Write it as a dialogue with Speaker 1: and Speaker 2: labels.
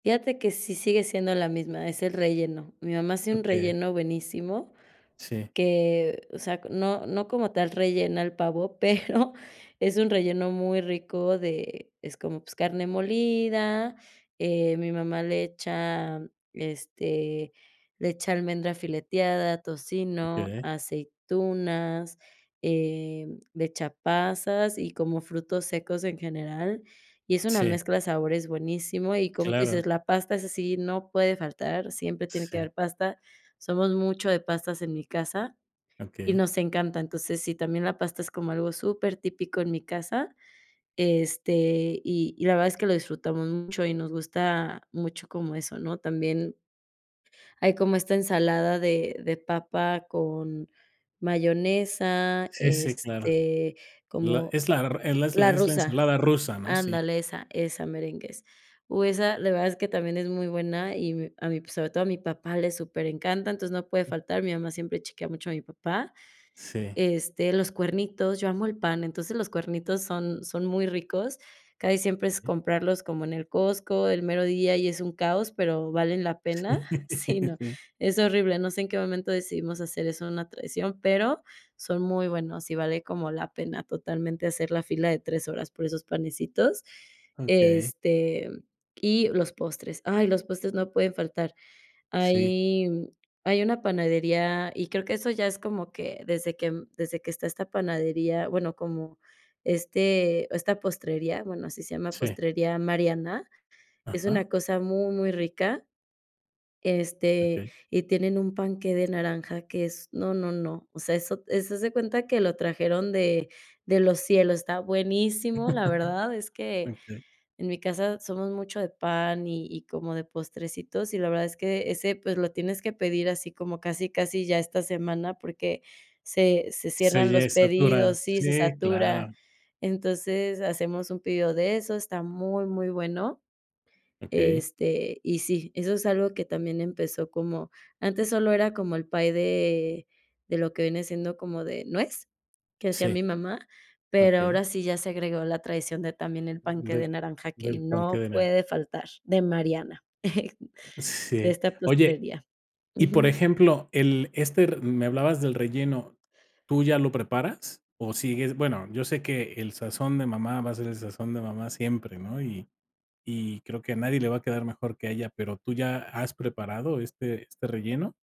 Speaker 1: Fíjate que sí sigue siendo la misma, es el relleno. Mi mamá hace un
Speaker 2: Okey.
Speaker 1: relleno buenísimo,
Speaker 2: Sí.
Speaker 1: que, o sea, no no como tal rellena el pavo, pero es un relleno muy rico de es como, pues carne molida, eh, mi mamá le echa, este, le echa almendra fileteada, tocino,
Speaker 2: Okey.
Speaker 1: aceitunas, em, le echa pasas y como frutos secos en general, y es una
Speaker 2: Sí.
Speaker 1: mezcla de sabores buenísimo y, como tú
Speaker 2: Claro.
Speaker 1: dices, la pasta, esa sí, no puede faltar, siempre tiene que haber
Speaker 2: Sí.
Speaker 1: pasta. Somos mucho de pastas en mi casa y
Speaker 2: Okey.
Speaker 1: nos encanta. Entonces, sí, también la pasta es como algo supertípico en mi casa, este, y y la verdad es que lo disfrutamos mucho y nos gusta mucho como eso, ¿no? También hay como esta ensalada de de papa con mayonesa,
Speaker 2: Sí, sí, claro.
Speaker 1: este,
Speaker 2: La
Speaker 1: como
Speaker 2: es la r es
Speaker 1: la
Speaker 2: la es la
Speaker 1: rusa.
Speaker 2: ensalada rusa, ¿no? Sí.
Speaker 1: Ándale, esa, esa merengues. Uh, esa, la verdad es que también es muy buena, y mi a mi, sobre todo a mi papá le superencanta, entonces no puede faltar, mi mamá siempre chequea mucho a mi papá.
Speaker 2: Sí.
Speaker 1: Este, los cuernitos, yo amo el pan, entonces los cuernitos son son muy ricos. Casi siempre es comprarlos como en el Costco, el mero día y es un caos, pero valen la
Speaker 2: Sí,
Speaker 1: pena Sí, no,
Speaker 2: sí.
Speaker 1: es horrible, no sé en qué momento decidimos hacer eso una tradición, pero son muy buenos y vale como la pena totalmente hacer la fila de 3 horas por esos panecitos,
Speaker 2: Okey.
Speaker 1: este, mm, y los postres. Ay, los postres no pueden faltar.
Speaker 2: Sí.
Speaker 1: Hay hay una panadería y creo que eso ya es como que desde que desde que está esta panadería, bueno, como, este, esta postrería, bueno, así se llama,
Speaker 2: Sí.
Speaker 1: postrería Mariana, es
Speaker 2: Ajá.
Speaker 1: una cosa muy, muy rica, este,
Speaker 2: Okey.
Speaker 1: y tienen un panqué de naranja que es, no, no, no, o sea, eso eso haz de cuenta que lo trajeron de de los cielos, está buenísimo. La verdad es que
Speaker 2: Okey.
Speaker 1: en mi casa somos mucho de pan y y como de postrecitos, y la verdad es que ese, pues lo tienes que pedir así como casi, casi ya esta semana, porque se se cierran
Speaker 2: Sí
Speaker 1: los
Speaker 2: es saturada.
Speaker 1: pedidos sí, se
Speaker 2: Sí,
Speaker 1: satura.
Speaker 2: claro.
Speaker 1: Entonces hacemos un pedido de esos, está muy, muy bueno,
Speaker 2: Okey.
Speaker 1: este, y sí, eso es algo que también empezó como antes solo era como el pay de de lo que viene siendo como de nuez, que hacía mi
Speaker 2: Sí.
Speaker 1: mamá, pero
Speaker 2: Okey.
Speaker 1: ahora sí ya se agregó la traición de también el
Speaker 2: Mm,
Speaker 1: panqué
Speaker 2: de
Speaker 1: de naranja que
Speaker 2: del panqué
Speaker 1: no
Speaker 2: de nara
Speaker 1: puede faltar, de Mariana, de
Speaker 2: Sí.
Speaker 1: esta
Speaker 2: Oye,
Speaker 1: postrería.
Speaker 2: y por
Speaker 1: Ujú.
Speaker 2: ejemplo, el este r me hablabas del relleno. ¿Tú ya lo preparas o sigues? Bueno, yo sé que el sazón de mamá va a ser el sazón de mamá siempre, ¿no? Y y creo que a nadie le va a quedar mejor que a ella, pero ¿tú ya has preparado este este relleno?